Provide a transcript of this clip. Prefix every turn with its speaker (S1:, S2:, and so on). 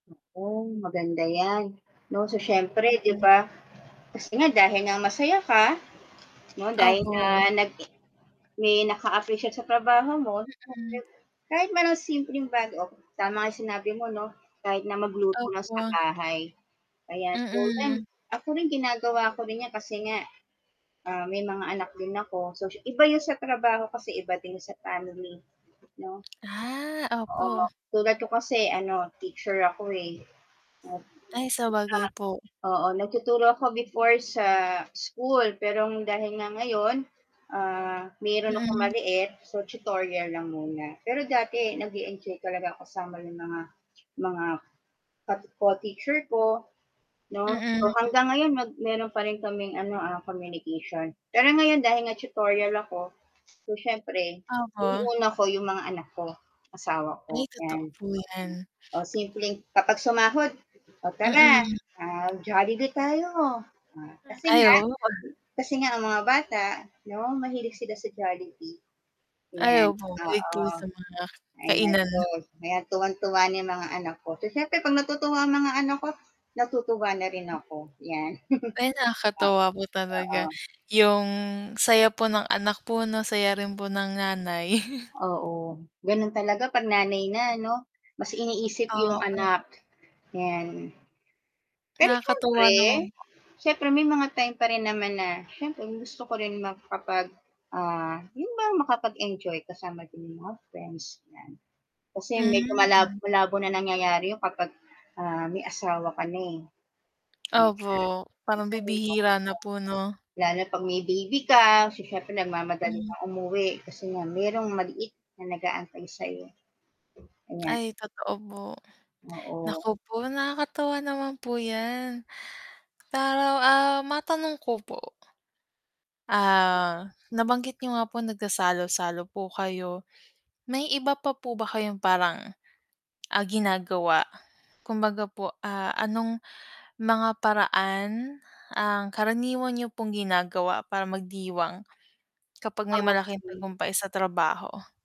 S1: Hoy, maganda 'yan, 'no, so siyempre 'di
S2: Mm.
S1: ba kasi nga dahil nga masaya ka 'no dahil na
S2: Opo.
S1: nagi may naka-appreciate sa trabaho mo.
S2: Mm.
S1: [unintelligible] Kahit man ng simpleng bago, oh tama nga sinabi mo 'no, kahit na magluto lang sa
S2: Opo.
S1: bahay. Kaya so 'yan,
S2: Mm.
S1: ako rin ginagawa ko rin 'yan kasi nga ah, may mga anak din ako, so sy iba yun sa trabaho, kasi iba din yun sa family. 'No?
S2: Ah,
S1: Oo
S2: opo.
S1: tulad ko kasi ano teacher ako, eh. Opo.
S2: Ay, sabagay po.
S1: Ah oo nagtuturo ako before sa school pero dahil nga ngayon, ah, meron akong
S2: Mm.
S1: maliit, so tutorial lang muna. Pero dati nag-e-enjoy talaga ako ng mga mga ka co-teacher ko, no, so
S2: Mm.
S1: hanggang ngayon meron pa rin kaming ano, ah, communication. Pero ngayon dahil nga tutorial ako, so siyempre
S2: Opo.
S1: inuuna ko yung mga anak ko, asawa ko,
S2: Ay, totoo
S1: yan. Mm.
S2: po 'yan.
S1: o simpleng kapag sumahod, "Oh, tara,
S2: Mm.
S1: ah, Jollibee tayo," o,
S2: Mm.
S1: kasi
S2: Ay
S1: nga
S2: oo pag
S1: kasi nga ang mga bata no mahilig sila sa Jollibee.
S2: Ay,
S1: Ayan,
S2: opo kahit po
S1: oo.
S2: sa mga
S1: Ay
S2: kainan.
S1: gastos, kaya tuwang-tuwa niyan mga anak ko, so siyempre 'pag natutuwa ang mga anak ko, natutuwa na rin ako yan.
S2: Ay,
S1: O
S2: nakakatuwa po talaga
S1: oo.
S2: yung saya po ng anak po 'no, saya rin po ng nanay.
S1: Oo, ganun talaga 'pag nanay na 'no, mas iniisip yung
S2: Oo eh.
S1: anak, 'yan. Pero
S2: Nakakatuwa
S1: siyempre,
S2: naman.
S1: siyempre may mga time pa rin naman na siyempre gusto ko rin makapag, ah, yun bang makapag-enjoy kasama din yung mga friends 'yan, kasi medyo malabo
S2: Hmm,
S1: malabo na nangyayari yun kapag, ah, may asawa ka na, eh.
S2: Opo, parang
S1: [unintelligible]
S2: bibihira na po, 'no?
S1: Lalo na 'pag may baby ka, so, siyempre nagmamadali
S2: Hmm.
S1: ka umuwi kasi nga merong maliit na nag-aantay sa'yo. Ayan.
S2: Ay, totoo po.
S1: Oo.
S2: Naku po, nakakatuwa naman po 'yan. Para, ah, matanong ko po. Ah, nabanggit niyo nga po nagsasalo-salo po kayo, may iba pa po ba kayong parang, ah, ginagawa kumbaga po ah, anong mga paraan ang karaniwan niyo pong ginagawa para magdiwang kapag may
S1: Oo,
S2: malaking
S1: sige
S2: tagumpay sa trabaho?